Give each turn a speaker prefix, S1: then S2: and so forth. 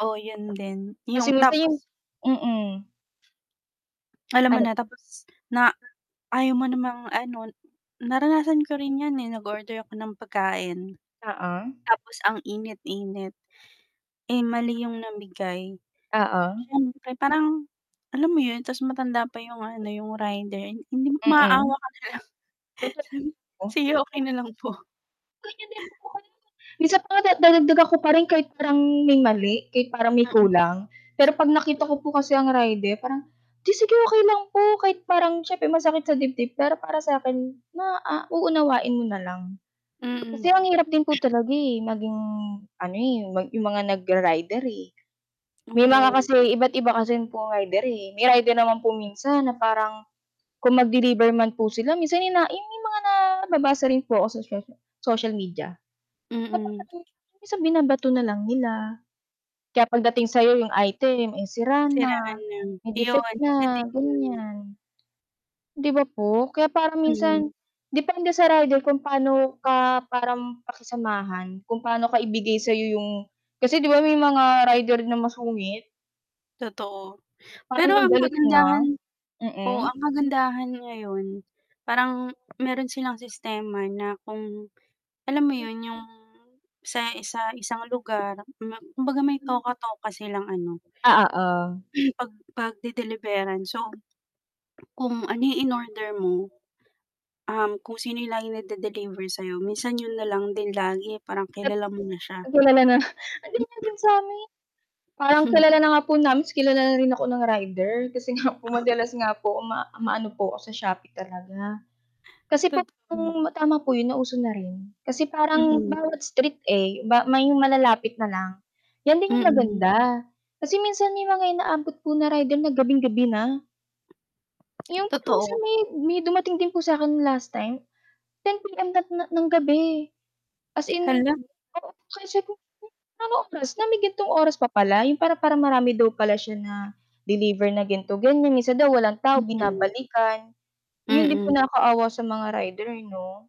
S1: Oo yun din,
S2: Kasi
S1: yung
S2: yung sa
S1: tapos
S2: yung mm.
S1: Alam mo
S2: Ano?
S1: na tapos, na ayaw mo namang ano naranasan ko rin yan, eh, nag-order ako ng pagkain.
S2: Oo.
S1: Tapos ang init-init. Eh, mali yung nabigay,
S2: Oo.
S1: syempre parang alam mo yun tas matanda pa yung ano yung rider, hindi maawa
S2: Mm.
S1: ka na lang sabi,
S2: Totoo.
S1: "Sige okey na lang po."
S2: Ganyan din [unintelligible] minsan pa nga da dadagdagan ko pa rin kahit parang may mali, kahit parang may
S1: Mm.
S2: kulang. Pero 'pag nakita
S1: Totoo.
S2: ko po kasi ang rider parang, "Hindi sige okey lang po," kahit parang siyempre masakit sa dibdib, pero para sa akin ma ah, uunawain mo na lang.
S1: Mm.
S2: Kasi ang hirap din po talaga, eh, maging ano, eh, 'yong mga nagra-rider, eh. May mga
S1: Mm.
S2: kasi iba't iba kasi po rider, eh, may rider naman po minsan na parang, kung mag-deliver man po sila minsan ina yung may mga nababasa rin po ako sa social social media, na
S1: Mm.
S2: parang minsan binabato na lang nila. Kaya 'pag dating sayo yung item ay sira
S1: Siraan
S2: na,
S1: lang,
S2: may defect
S1: iyon isa
S2: na,
S1: din yun.
S2: ganyan. 'Di ba po? Kaya parang
S1: Mm.
S2: minsan, depende sa rider kung pano ka parang pakisamahan, kung pano ka ibigay sayo yung kasi 'di ba may mga rider na masungit.
S1: Totoo, pero
S2: Parang
S1: ang
S2: galit na,
S1: kagandahan oo,
S2: mm.
S1: ang kagandahan ngayon, parang meron silang sistema na kung alam mo yun yung sa isa isang lugar kumbaga may
S2: Mm.
S1: toka-toka silang ano
S2: Ah, oo.
S1: pag pagde-deliveran so, kung ano yung inorder mo, um, kung sino yung laging nagde-deliver sayo, minsan yun nalang din lagi parang
S2: At
S1: kilala mo na
S2: ah,
S1: siya.
S2: kilala na. Ah, ganyan din sa amin. Parang kilala na nga po namin, tas kilala na rin ako ng rider. Kasi nga po madalas nga po ma maano po ako sa Shopee talaga. Kasi
S1: Totoo.
S2: pong tama po 'yon na uso na rin, kasi parang
S1: Mm.
S2: bawat street, eh, ba may malalapit na lang. 'Yan din 'yong
S1: Mm.
S2: maganda, kasi minsan may mga inaabot po na rider na gabing-gabi na. 'Yong parang minsan
S1: Totoo.
S2: may may dumating din po sakin last time, 10:00 PM na ng gabi, as in
S1: Hala.
S2: oo, kaya sabi ko, "Anong oras na, may gantong oras pa pala." 'yong para para marami daw pala siya na deliver na ganito- ganyan, minsan daw walang tao
S1: Mm.
S2: binabalikan. 'Yon din po
S1: Mm.
S2: nakaawa sa mga rider 'no.